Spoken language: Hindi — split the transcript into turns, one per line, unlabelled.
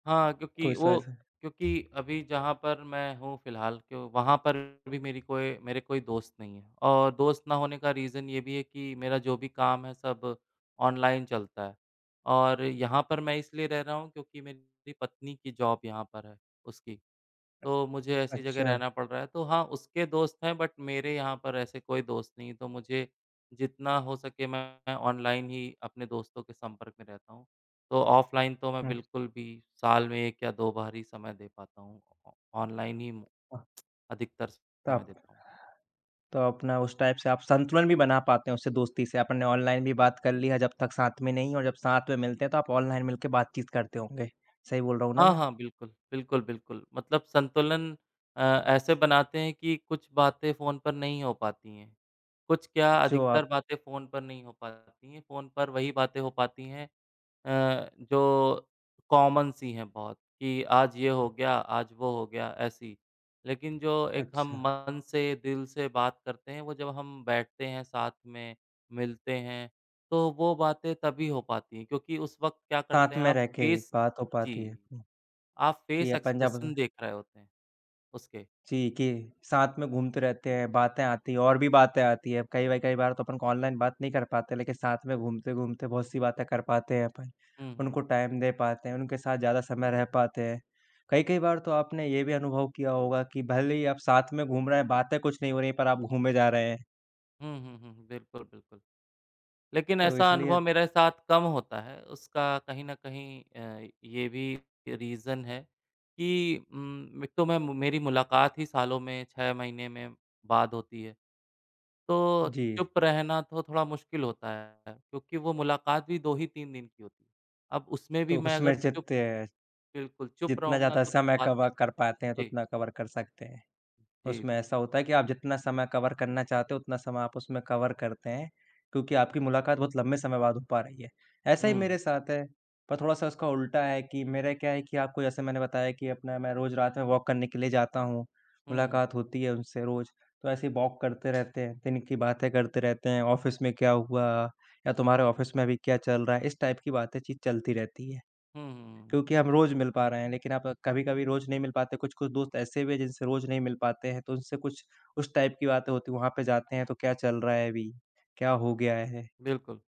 हाँ,
तो
क्योंकि
इस [unintelligible]
वो
से।
क्योंकि अभी जहाँ पर मैं हूँ फिलहाल क्यों वहाँ पर भी मेरी कोई मेरे कोई दोस्त नहीं है। और दोस्त ना होने का रीज़न ये भी है कि मेरा जो भी काम है सब ऑनलाइन चलता है और यहाँ पर मैं इसलिए रह रहा हूँ, क्योंकि मेरी पत्नी की जॉब यहाँ पर है उसकी। तो मुझे ऐसी जगह
अच्छा।
रहना पड़ रहा है, तो हाँ, उसके दोस्त हैं बट मेरे यहाँ पर ऐसे कोई दोस्त नहीं है, तो मुझे जितना हो सके मैं ऑनलाइन ही अपने दोस्तों के संपर्क में रहता हूँ। तो ऑफलाइन तो मैं
हुँ।
बिल्कुल भी साल में 1 या 2 बार ही समय दे पाता हूँ। ऑनलाइन ही
हाँ।
अधिकतर समय
ताप।
देता हूँ।
तो अपना उस टाइप से आप संतुलन भी बना पाते हो उससे दोस्ती से, आपने ऑनलाइन भी बात कर लिया जब तक साथ में नहीं हो और जब साथ में मिलते हैं तो आप ऑनलाइन मिल के बातचीत करते होंगे। सही बोल रहा हूँ ना
हाँ,
मैं?
हाँ। बिल्कुल, बिल्कुल, बिल्कुल। मतलब संतुलन अ, ऐसे बनाते हैं कि कुछ बातें फ़ोन पर नहीं हो पाती हैं, कुछ क्या
जो
अधिकतर
आप
बातें फ़ोन पर नहीं हो पाती हैं, फ़ोन पर वही बातें हो पाती हैं अ, जो कॉमन सी हैं बहुत, कि आज ये हो गया, आज वो हो गया ऐसी। लेकिन जो एक हम
अच्छा।
मन से, दिल से बात करते हैं, वो जब हम बैठते हैं साथ में, मिलते हैं तो वो बातें तभी हो पाती हैं, क्योंकि उस वक़्त क्या करते
साथ
हैं
में
आप
रह के ही
फेस
बात हो पाती है।
जी,
उ
आप
कि
फेस
अपन जब
एक्सप्रेशन देख रहे होते हैं उसके।
जी, कि साथ में घूमते रहते हैं, बातें आती हैं और भी बातें आती हैं। कई-कई बार तो अपन ऑनलाइन बात नहीं कर पाते, लेकिन साथ में घूमते-घूमते बहुत-सी बातें कर पाते हैं अपन।
हुँ, हुँ।
उनको टाइम दे पाते हैं, उनके साथ ज़्यादा समय रह पाते हैं। कई-कई बार तो आपने ये भी अनुभव किया होगा कि, भले ही आप साथ में घूम रहे हैं, बातें कुछ नहीं हो रही हैं पर आप घूमें जा रहे हैं।
हुँ, हुँ, हुँ, हुँ। बिल्कुल, बिल्कुल। लेकिन
तो
ऐसा
इसलिए
अनुभव मेरे साथ कम होता है, उसका कहीं न कहीं अ, ये भी अ, रीज़न है कि उम, एक तो मैं मु मेरी मुलाकात ही सालों में, 6 महीने में बाद होती है। तो
जी।
चुप रहना तो थोड़ा मुश्किल होता है क्योंकि वो मुलाकात भी 2 ही 3 दिन की होती है। अब उसमें भी
तो
मैं
उसमें
अगर चुप,
जीत्ते
बिल्कुल चुप
जितना
रहूँगा
ज़्यादा
तो फिर
समय
बात
कवर
कैसे
कर पाते हैं तो
होगी? जी।
उतना कवर कर सकते हैं।
जी।
उसमें ऐसा होता है कि आप जितना समय कवर करना चाहते हो उतना समय आप उसमें कवर करते हैं, क्योंकि आपकी मुलाकात बहुत लंबे समय बाद हो पा रही है। ऐसा ही
हुँ।
मेरे साथ है, पर थोड़ा-सा उसका उल्टा है कि मेरा क्या है कि आपको जैसे मैंने बताया कि अपना मैं रोज़ रात में वॉक करने के लिए जाता हूँ।
हुँ, हुँ।
मुलाकात होती है उनसे रोज़ तो ऐसे वॉक करते रहते हैं, दिन की बातें करते रहते हैं, ऑफ़िस में क्या हुआ, या तुम्हारे ऑफिस में अभी क्या चल रहा है? इस टाइप की बातें चीत चलती रहती है।
हुँ, हुँ, हुँ, हुँ।
क्योंकि हम रोज़ मिल पा रहे हैं लेकिन आप कभी-कभी रोज़ नहीं मिल पाते, कुछ-कुछ दोस्त ऐसे भी हैं जिनसे रोज़ नहीं मिल पाते हैं, तो उनसे कुछ उस टाइप की बातें होती हैं, वहाँ पे जाते हैं तो क्या चल रहा है अभी, क्या हो गया है?
बिल्कुल।